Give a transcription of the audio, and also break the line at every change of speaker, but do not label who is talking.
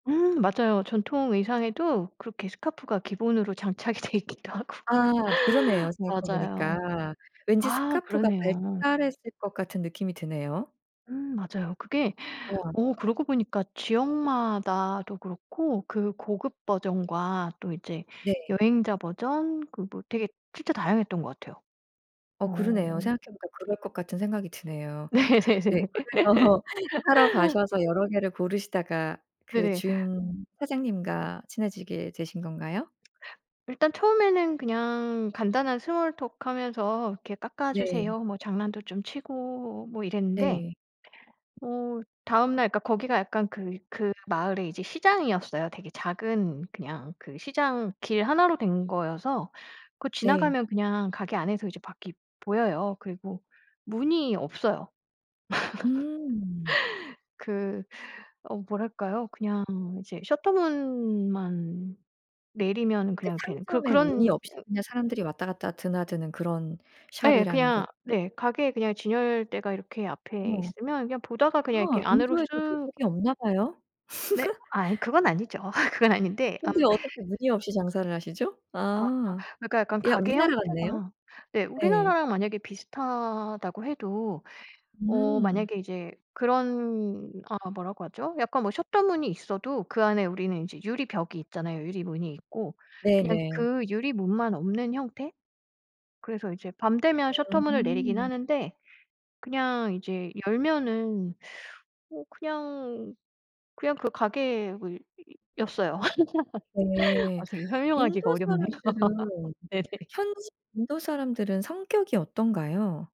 음 맞아요. 전통 의상에도 그렇게 스카프가 기본으로 장착이 돼 있기도 하고.
아 그러네요, 생각해
맞아요.
보니까. 왠지
아
스카프가
그러네요.
발달했을 것 같은 느낌이 드네요.
음 맞아요. 그게
예.
어 그러고 보니까 지역 마다도 그렇고 그 고급 버전과 또 이제
네.
여행자 버전 그 뭐 되게 진짜 다양했던 것 같아요.
어 그러네요.
어.
생각해 보니까 그럴 것 같은 생각이 드네요. 네
네네네.
그래서 사러 가셔서 여러 개를 고르시다가 그
네네.
주인 사장님과 친해지게 되신 건가요?
일단 처음에는 그냥 간단한 스몰톡 하면서 이렇게
네.
"깎아주세요." 뭐 장난도 좀 치고 뭐 이랬는데
네.
어 다음날 그러니까 거기가 약간 그 그 마을에 이제 시장이었어요. 되게 작은 그냥 그 시장 길 1 로 된 거여서 그
네.
지나가면 그냥 가게 안에서 이제 밖이 보여요. 그리고 문이 없어요.
음.
그 어 뭐랄까요? 그냥 이제 셔터 문만 내리면
그
그냥 되는 그
상점에 문이
그런
없이 그냥 사람들이 왔다 갔다 드나드는 그런
예
샵이라는 거
그냥 네 가게에 그냥 진열대가 이렇게 앞에
어.
있으면 그냥 보다가 그냥 이렇게
어
안으로
인도에도
쓱
도둑이 없나 봐요.
네? 아 이 그건 아니죠. 그건 아닌데 어
근데 어떻게 문이 없이 장사를 하시죠?
아
아.
그러니까 약간
야
가게
우리나라 같네요.
형태가 네
네.
우리나라랑 만약에 비슷하다고 해도 어
음.
만약에 이제 그런 아 뭐라고 하죠 약간 뭐 셔터 문이 있어도 그 안에 우리는 이제 유리 벽이 있잖아요, 유리문이 있고. 그냥
네네.
그 유리문만 없는 형태. 그래서 이제 밤 되면 셔터 문을 내리긴
음.
하는데 그냥 이제 열면은 뭐 그냥 그냥 그 가게 무 였어요.
네.
아 되게 설명하기가
인도
어렵네요.
사람들은
네네.
현지 인도 사람들은 성격이 어떤가요?